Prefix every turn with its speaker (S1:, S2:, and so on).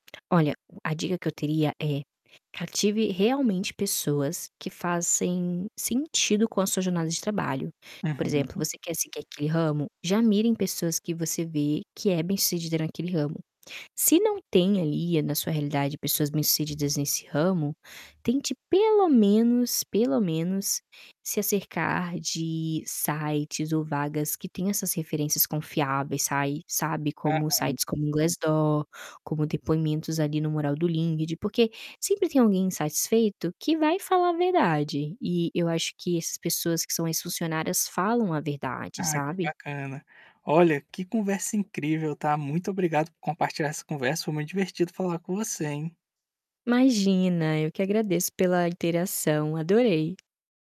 S1: Olha, o a dica que eu teria é, cative realmente pessoas que fazem sentido com a sua jornada de trabalho. Por exemplo,
S2: Uhum.
S1: você quer seguir aquele ramo? Já mire em pessoas que você vê que é bem sucedida naquele ramo. Se não tem ali, eh, na sua realidade pessoas bem sucedidas nesse ramo, tente pelo menos, pelo menos, se acercar de sites ou vagas que tenha essas referências confiáveis, sai sabe, como
S2: Aham.
S1: sites como o Glassdoor, como depoimentos ali no mural do LinkedIn porque sempre tem alguém insatisfeito que vai falar a verdade e eu acho que essas pessoas que são ex-funcionárias falam a verdade,
S2: Ah, que
S1: sabe.
S2: bacana. Olha, que conversa incrível, tá? Muito obrigado por compartilhar essa conversa, foi muito divertido falar com você, hein?
S1: Imagina! Eu que agradeço pela interação. Adorei.